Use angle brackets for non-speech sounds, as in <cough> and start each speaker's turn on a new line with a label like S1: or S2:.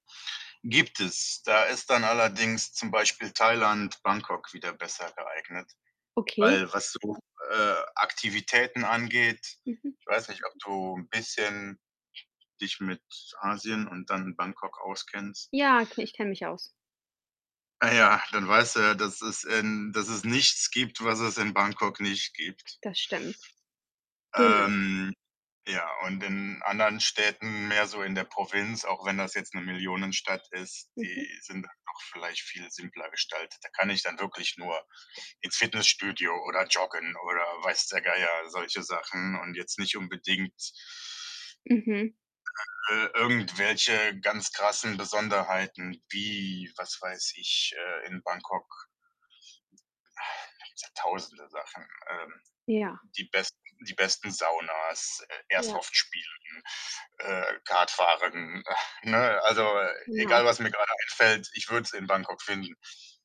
S1: Gibt es. Da ist dann allerdings zum Beispiel Thailand, Bangkok wieder besser geeignet.
S2: Okay.
S1: Weil was so, äh, Aktivitäten angeht
S2: Mhm.
S1: ich weiß nicht, ob du 'n bisschen dich mit Asien und dann Bangkok auskennst.
S2: Ja, k ich kenne mich aus.
S1: Ah, ja, dann weißt du ja, dass es in dass es nichts gibt, was es in Bangkok nicht gibt.
S2: Das stimmt. Genau.
S1: Ähm, ja, und in anderen Städten, mehr so in der Provinz, auch wenn das jetzt 'ne Millionenstadt ist,
S2: Mhm.
S1: die sind dann doch vielleicht viel simpler gestaltet. Da kann ich dann wirklich nur ins Fitnessstudio oder joggen oder weiß der Geier, solche Sachen und jetzt nicht unbedingt
S2: Mhm.
S1: äh, irgendwelche ganz krassen Besonderheiten wie, was weiß ich, äh in Bangkok, <exhales> da gibt's ja tausende Sachen, ähm,
S2: Ja.
S1: die besten die besten Saunas, Air
S2: Ja.
S1: Airsoft spielen, äh, Kartfahren, äh, ne? Also, egal,
S2: Genau.
S1: was mir grade einfällt, ich würde es in Bangkok finden.